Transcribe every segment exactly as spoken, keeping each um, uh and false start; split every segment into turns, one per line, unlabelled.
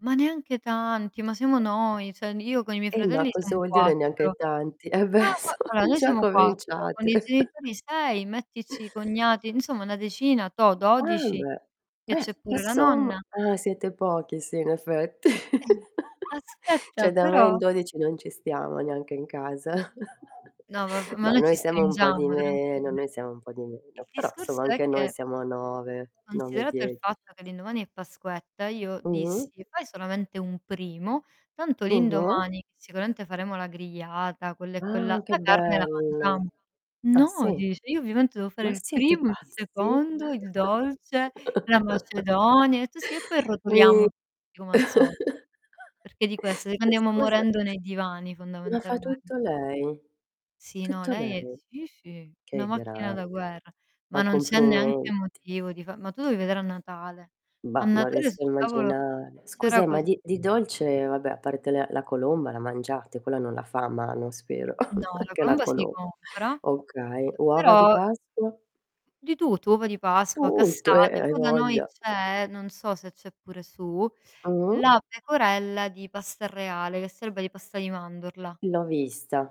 Ma neanche tanti, ma siamo noi, cioè, n io con i miei
Eh, ma
fratelli
cosa
siamo
vuol dire neanche
quattro.
tanti? Eh
Fa
beh,
fa allora,
sono
noi
già
siamo quattro, con
cominciate.
i genitori sei, mettici i cognati, insomma una decina, toh,
Ah,
dodici.
beh.
Che
Beh,
c'è pure la
insomma.
nonna.
Ah, siete pochi, sì in effetti.
Eh, n aspetta,
ceh, da me
però
in dodici non ci stiamo neanche in casa.
No, v v ma
No,
noi ci
noi siamo un po' di
stringiamo
meno,
tranquille.
noi siamo un po' di
Il
meno, però,
discorso
insomma
è
anche noi
che
siamo nove, nove,
considerato il
dieci.
fatto che l'indomani è pasquetta, io
Mh-mh.
dissi: "Fai solamente un primo, tanto
Mh-mh.
l'indomani sicuramente faremo la grigliata, quella e quella,
Ah, che
la carne la
bello.
mangiamo."
Ah,
"No."
sì?
dice. Io ovviamente devo fare
Ma
il
siete
primo, il
pazzi?
secondo, il dolce, la macedonia, e tu: "Sì, e poi rotoliamo
Mi
tutti come al solito." Perché di questo?
Ma
Andiamo
scusa
morendo nei divani
ma fa
fondamentalmen
tutto lei?
Sì, no,
Tutto
lei è
lei.
sì, sì, una
Che
macchina da
grande.
guerra. Ma
Ma
non c'è neanche
complimenti.
motivo di fa ma tu devi vedere a Natale. A
Bah, non
Natale
riesco a
sul tavolo
immaginare. Scusa,
c'era
e ma
così
di di dolce eh vabbè, a parte le la colomba la mangiate, quella non la fa a mano spero,
No, la
anche la
colomba si
colom
compra. Ehm,
okay, uova di
però
Pasqua?
Di tutto. Uova di Pasqua,
Tutto! Eh, eh,
cassate,
hai
poi da noi
voglia.
c'è non so se c'è pure su
Mh-mh.
la pecorella di pasta reale, che sarebbe di pasta di mandorla.
L'ho vista.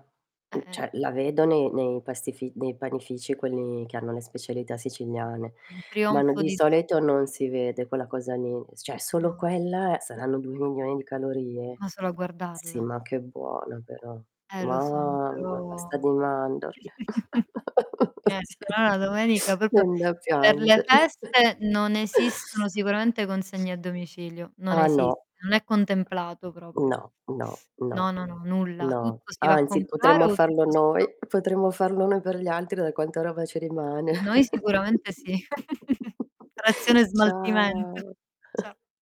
Eh,
N
eh.
ceh, la vedo nei nei pastifi nei panifici quelli che hanno le specialità siciliane.
Un
Ma no,
trionfo
di
di
soleto non
zuccheri.
si vede quella cosa lì, s cioè solo
No.
quella saranno due milioni di calorie.
Ma solo a
Sì
guardarla.
ma che buona però.
Eh, lo so,
Mamma,
però
pasta di mandorle.
niente.
Sì.
Allora, domenica propio
Viene da
per le
piangere.
feste non esistono sicuramente consegne a domicilio. Non
Ah, no.
esiste, non è contemplato proprio.
No, no,
No,
no.
no, no, nulla.
No.
Tutto si va a
Anzi,
comprare
potremmo
o
farlo
tutto si fa.
noi, potremmo farlo noi per gli altri da quanta roba ci rimane.
Noi sicuramente sì. Trazione e smaltimento.
Ciao.
Ce